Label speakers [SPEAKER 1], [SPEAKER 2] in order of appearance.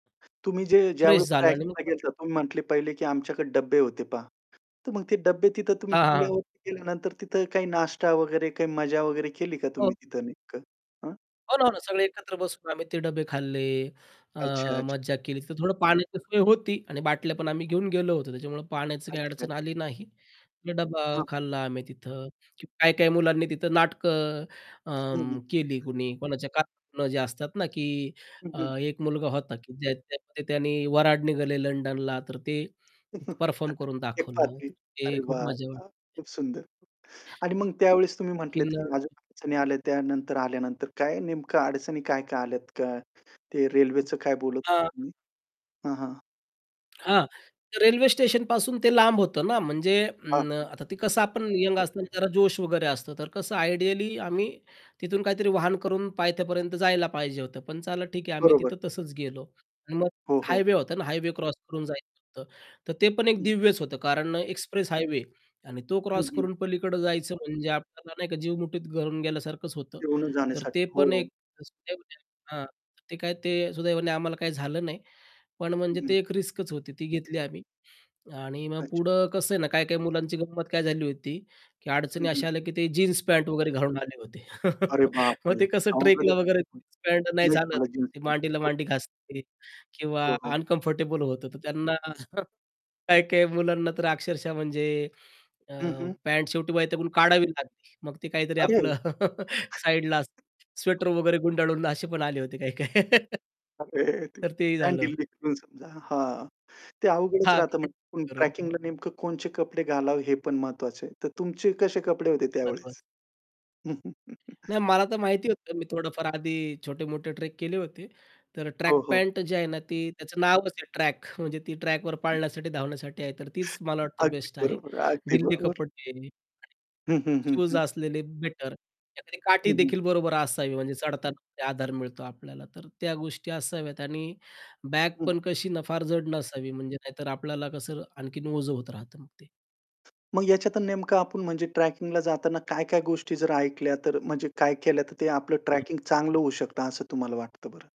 [SPEAKER 1] तुम्ही जे
[SPEAKER 2] फ्रेश
[SPEAKER 1] ज्यावेळेस
[SPEAKER 2] झालो आणि मग
[SPEAKER 1] ट्रॅकला
[SPEAKER 2] परत
[SPEAKER 1] गेलं होता, तुम्ही म्हटले पहिले, की आमच्याकडे डब्बे होते पहा. तर मग ते डब्बे तिथं तुम्ही
[SPEAKER 2] हां, हां, हां.
[SPEAKER 1] किल्ल्यावरती गेल्यानंतर, तिथं काही नाश्ता वगैरे काही मजा वगैरे केली का तुम्ही
[SPEAKER 2] हो.
[SPEAKER 1] तिथं नेमकं हां?
[SPEAKER 2] हो ना, हो ना. सगळे एकत्र बसून आम्ही ते डब्बे खाल्ले, अ,
[SPEAKER 1] अच्छा-अच्छा.
[SPEAKER 2] मज्जा केली. तिथं थोडं पाण्याची सोय होती आणि बाटल्या पण आम्ही घेऊन गेलो होतो, त्याच्यामुळं पाण्याची काही अडचण
[SPEAKER 1] अच्छा-अच्छा.
[SPEAKER 2] आली नाही. मग डब्बा
[SPEAKER 1] हां.
[SPEAKER 2] खाल्ला आम्ही तिथं. काही-काही मुलांनी तिथं नाटकं
[SPEAKER 1] हं, हं.
[SPEAKER 2] अं, केली कुणी. कोणाच्या का [unintelligible] जे असतात ना, की
[SPEAKER 1] हं,
[SPEAKER 2] अ,
[SPEAKER 1] हं.
[SPEAKER 2] 1 मुलगा होता, की ज्याने त्यामध्ये त्याने "वऱ्हाड निघाले लंडनला", तर ते परफॉर्म करून दाखवलं.
[SPEAKER 1] एकपात्री.
[SPEAKER 2] तर
[SPEAKER 1] अरे
[SPEAKER 2] ते खूप
[SPEAKER 1] वाह!
[SPEAKER 2] मज्जा वाटली.
[SPEAKER 1] वाह! खूप सुंदर. आणि मग त्यावेळेस तुम्ही
[SPEAKER 2] की
[SPEAKER 1] म्हंटलेत,
[SPEAKER 2] न
[SPEAKER 1] की अजून अडचणी आल्या त्यानंतर आल्यानंतर. काय नेमकं अडचणी काय-काय आल्यात काय, ते रेल्वेचं काय बोलत होतं
[SPEAKER 2] हां.
[SPEAKER 1] तुम्ही? हां, हां.
[SPEAKER 2] हां. तर रेल्वे स्टेशनपासून ते लांब होतं ना, म्हणजे
[SPEAKER 1] हां,
[SPEAKER 2] अं,
[SPEAKER 1] हां.
[SPEAKER 2] आता ते कसं आपण यंग असतांना जरा जोश वगैरे असतं. तर कसं आयडियली आम्ही तिथून काहीतरी वाहन करून पायथ्यापर्यंत जायला पाहिजे होतं, पण चला ठीक आहे, आम्ही
[SPEAKER 1] बरोबर.
[SPEAKER 2] तिथं तसंच गेलो. आणि मग
[SPEAKER 1] हो, हो.
[SPEAKER 2] हायवे होता ना, हायवे क्रॉस करून जायचं होतं. तर ते पण एक
[SPEAKER 1] हं.
[SPEAKER 2] दिव्यच होतं, कारण अ, एक्सप्रेस हायवे आणि तो
[SPEAKER 1] हं,
[SPEAKER 2] क्रॉस
[SPEAKER 1] हं.
[SPEAKER 2] करून पलीकडं जायचं, म्हणजे आपल्याला नाही का जीव मुठीत घालून गेल्यासारखंच होतं.
[SPEAKER 1] घेऊनच
[SPEAKER 2] तर
[SPEAKER 1] जाण्यासाठी.
[SPEAKER 2] ते
[SPEAKER 1] हो,
[SPEAKER 2] पण
[SPEAKER 1] हो.
[SPEAKER 2] एक रिस्कच होती हां. ते काय ते सुदैवाने आम्हाला काही झालं नाही, पण
[SPEAKER 1] हं,
[SPEAKER 2] म्हणजे
[SPEAKER 1] हं.
[SPEAKER 2] ते एक रिस्कच होती, ती घेतली आम्ही. आणि मग
[SPEAKER 1] अच्छा.
[SPEAKER 2] पुढं कसं आहे ना, काही-काही मुलांची गंमत काय झाली होती, की
[SPEAKER 1] हं,
[SPEAKER 2] अडचणी
[SPEAKER 1] हं.
[SPEAKER 2] अशा आल्या, की ते जीन्स पॅन्ट वगैरे घालून आले होते.
[SPEAKER 1] अरे
[SPEAKER 2] मग
[SPEAKER 1] बापरे!
[SPEAKER 2] ते कसं ट्रेकला
[SPEAKER 1] अवघडच.
[SPEAKER 2] वगैरे
[SPEAKER 1] हं.
[SPEAKER 2] जीन्स पॅन्ट नाही
[SPEAKER 1] नाही,
[SPEAKER 2] चालत,
[SPEAKER 1] घालत जीन्स
[SPEAKER 2] ते
[SPEAKER 1] पॅन्ट,
[SPEAKER 2] मांडीला
[SPEAKER 1] हो.
[SPEAKER 2] मांडी घासते किंवा
[SPEAKER 1] हो, हो.
[SPEAKER 2] अनकम्फर्टेबल होतं. तर त्यांना काही-काही मुलांना तर अक्षरशः म्हणजे अ,
[SPEAKER 1] हं, हं.
[SPEAKER 2] पॅन्ट शेवटी वैतागून काढावी लागली. मग ते काहीतरी
[SPEAKER 1] अरे!
[SPEAKER 2] आपलं साईडला स्वेटर वगैरे गुंडाळून असे पण आले होते काही-काही.
[SPEAKER 1] अरे देवा!
[SPEAKER 2] तर तेही
[SPEAKER 1] पॅन्ट
[SPEAKER 2] झालं.
[SPEAKER 1] [unintelligible] समजा, हां. ते अवघडच राहतं, म्हणजे
[SPEAKER 2] [unintelligible]
[SPEAKER 1] ट्रॅकिंगला नेमकं कोणते कपडे घालावे हे पण महत्वाचं आहे. तर तुमचे कसे कपडे होते
[SPEAKER 2] महत्वाचं.
[SPEAKER 1] त्यावेळेस.
[SPEAKER 2] नाही, मला तर माहिती होतं, मी थोडंफार आधी छोटे-मोठे ट्रेक केले होते. तर
[SPEAKER 1] हो,
[SPEAKER 2] ट्रॅक
[SPEAKER 1] हो.
[SPEAKER 2] पॅन्ट अ, जे आहे ना, ते त्याच नावच आहे ट्रॅक, म्हणजे ती ट्रॅकवर
[SPEAKER 1] हं.
[SPEAKER 2] पळण्यासाठी, धावण्यासाठी आहे. तर तीच मला वाटतं
[SPEAKER 1] अगदी
[SPEAKER 2] बेस्ट आहे.
[SPEAKER 1] बरोबर आहे. अगदी बरोबर.
[SPEAKER 2] [unintelligible] आहे.
[SPEAKER 1] हं, हं, हं,
[SPEAKER 2] शूज
[SPEAKER 1] हं.
[SPEAKER 2] असलेले बेटर, एखादी काठी
[SPEAKER 1] हं, हं.
[SPEAKER 2] देखील बरोबर असावी, म्हणजे चढताना [unintelligible] आधार मिळतो आपल्याला. तर त्या गोष्टी असाव्यात आणि बॅग
[SPEAKER 1] हं.
[SPEAKER 2] पण कशी ना, फार जड नसावी. म्हणजे नाहीतर आपल्याला कसं आणखीन ओझं होत राहतं मग ते.
[SPEAKER 1] मग ह्याच्यात अ, नेमकं आपण म्हणजे ट्रॅकिंगला जाताना काय-काय गोष्टी जर ऐकल्या, तर म्हणजे काय केल्या, तर ते आपलं
[SPEAKER 2] हं.
[SPEAKER 1] ट्रॅकिंग चांगलं होऊ शकतं. असं तुम्हाला वाटतं बरं?